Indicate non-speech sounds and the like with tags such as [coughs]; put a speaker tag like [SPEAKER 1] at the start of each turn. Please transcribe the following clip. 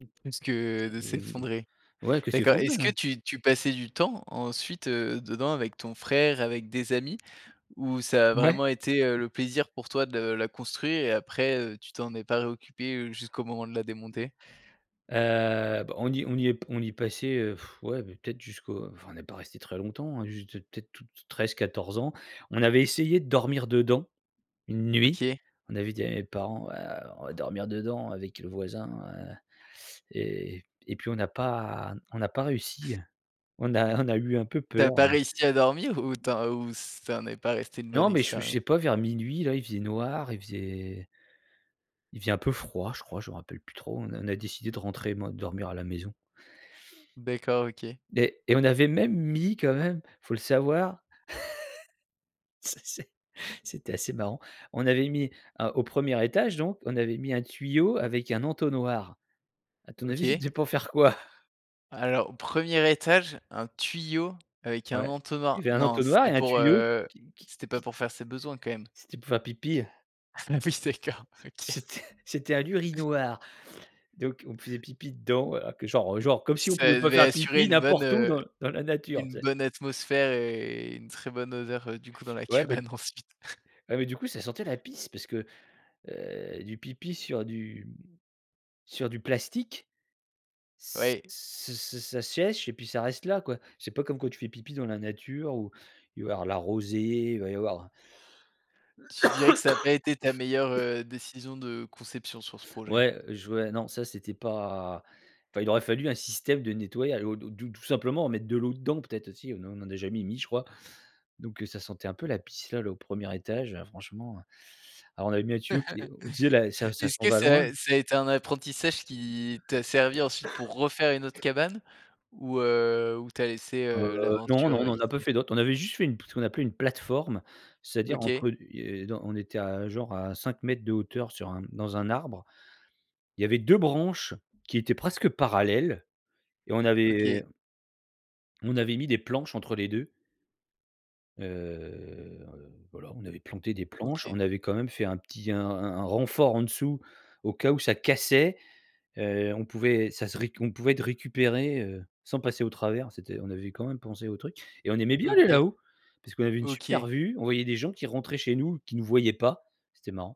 [SPEAKER 1] Mmh. Plus que de s'effondrer.
[SPEAKER 2] Ouais, que
[SPEAKER 1] D'accord.
[SPEAKER 2] s'effondrer,
[SPEAKER 1] Est-ce que
[SPEAKER 2] ouais.
[SPEAKER 1] tu tu passais du temps ensuite, heu, dedans avec ton frère, avec des amis? Ou ça a
[SPEAKER 2] Ouais. Ouais.
[SPEAKER 1] vraiment été, heu, le plaisir pour toi de la construire et après, heu, tu t'en es pas réoccupé jusqu'au moment de la démonter?
[SPEAKER 2] Heu, bah, on y est on y est p on y passait, heu, [blows air] ouais peut-être jusqu'au enfin on est pas resté très longtemps hein, juste, peut-être tout t 13-14 ans. On avait essayé de dormir dedans, une nuit.
[SPEAKER 1] OK.
[SPEAKER 2] On avait dit à mes parents: «Ouais on va dormir dedans avec le voisin», heu et et puis on n'a pas on n'a pas réussi, heu. On a on a eu un peu
[SPEAKER 1] Tu as
[SPEAKER 2] peur.
[SPEAKER 1] pas réussi à dormir ou tu en ou ça n'est pas resté une bonne
[SPEAKER 2] Non, mais je je
[SPEAKER 1] expérience?
[SPEAKER 2] sais pas vers minuit là, il faisait noir, il faisait il faisait un peu froid, je crois, je me rappelle plus trop. On a a décidé de rentrer, mo de dormir à la maison
[SPEAKER 1] D'accord, OK.
[SPEAKER 2] et et on avait même mis quand même, faut le savoir [laughs] C'est c'est c'était assez marrant. On avait mis, heu, au 1er étage donc, on avait mis un tuyau avec un entonnoir. À ton avis,
[SPEAKER 1] OK.
[SPEAKER 2] c'était pour faire quoi?
[SPEAKER 1] Alors au 1er étage, un tuyau avec un
[SPEAKER 2] Ouais, il
[SPEAKER 1] entonnoir?
[SPEAKER 2] y avait un
[SPEAKER 1] Non
[SPEAKER 2] entonnoir et
[SPEAKER 1] c'était
[SPEAKER 2] un
[SPEAKER 1] pour,
[SPEAKER 2] tuyau
[SPEAKER 1] heu,
[SPEAKER 2] qui qui
[SPEAKER 1] c'était pas
[SPEAKER 2] qui
[SPEAKER 1] pour faire ses besoins quand même?
[SPEAKER 2] c'était pour faire pipi.
[SPEAKER 1] Ah oui, d'accord, OK.
[SPEAKER 2] C'était, c'était un
[SPEAKER 1] [chuckles]
[SPEAKER 2] urinoir. Donc on faisait pipi dedans alors que genre, heu, genre, comme si on
[SPEAKER 1] Ça
[SPEAKER 2] pouvait pas
[SPEAKER 1] devait
[SPEAKER 2] faire
[SPEAKER 1] assurer
[SPEAKER 2] pipi
[SPEAKER 1] une bonne,
[SPEAKER 2] n'importe où
[SPEAKER 1] heu,
[SPEAKER 2] dans dans la nature,
[SPEAKER 1] une
[SPEAKER 2] tu sais?
[SPEAKER 1] bonne atmosphère et une très bonne odeur, heu, du coup dans la
[SPEAKER 2] Ouais bah
[SPEAKER 1] cabane ensuite. [chuckles]
[SPEAKER 2] ouais bah du coup, ça sentait la pisse parce que, heu, du pipi sur du m sur du plastique. Ç
[SPEAKER 1] Oui.
[SPEAKER 2] ç ça ça ça sèche et puis ça reste là quoi. C'est pas comme quand tu fais pipi dans la nature, où il va y avoir de la rosée, il va y avoir
[SPEAKER 1] Tu dirais que ça a pas été ta meilleure,
[SPEAKER 2] [coughs]
[SPEAKER 1] heu, décision de conception sur ce projet?
[SPEAKER 2] Ouais, heu, je vois, non ça c'était pas enfin, il aurait fallu un système de nettoyage, ou tout tout tout simplement mettre de l'eau dedans, peut-être aussi, on en a jamais mis, je crois. Donc heu ça sentait un peu la pisse là là, au 1er étage franchement, heu. Alors on avait mis un tuyau qui est on disait là, ça
[SPEAKER 1] [laughs]
[SPEAKER 2] ça
[SPEAKER 1] Est-ce
[SPEAKER 2] s'en
[SPEAKER 1] que
[SPEAKER 2] va loin.
[SPEAKER 1] ça ça a été un apprentissage qui, t'a servi ensuite pour refaire une autre
[SPEAKER 2] [coughs]
[SPEAKER 1] cabane? Ou, heu, ou tu as laissé,
[SPEAKER 2] Heu,
[SPEAKER 1] heu,
[SPEAKER 2] non, non,
[SPEAKER 1] l'aventure,
[SPEAKER 2] on
[SPEAKER 1] heu,
[SPEAKER 2] en n'a pas
[SPEAKER 1] ici?
[SPEAKER 2] fait d'autres. On avait juste fait une pl ce qu'on appelait une plateforme, c'est-à-dire
[SPEAKER 1] OK.
[SPEAKER 2] entre et dans on était à genre à 5 mètres de hauteur sur un dans un arbre. Il y avait 2 branches qui étaient presque parallèles et on
[SPEAKER 1] OK.
[SPEAKER 2] avait on avait mis des planches entre les 2 heu, voilà, on avait planté des planches,
[SPEAKER 1] OK.
[SPEAKER 2] on avait quand même fait un petit, un un un un renfort en dessous, au cas où ça cassait. Heu, on pouvait ça serait, on pouvait être récupéré, heu, sans passer au travers. C'était on avait quand même pensé au truc et on aimait bien aller
[SPEAKER 1] OK.
[SPEAKER 2] là-haut, parce qu'on avait une super
[SPEAKER 1] OK.
[SPEAKER 2] vue, on voyait des gens qui rentraient chez nous, qui nous voyaient pas. C'était marrant.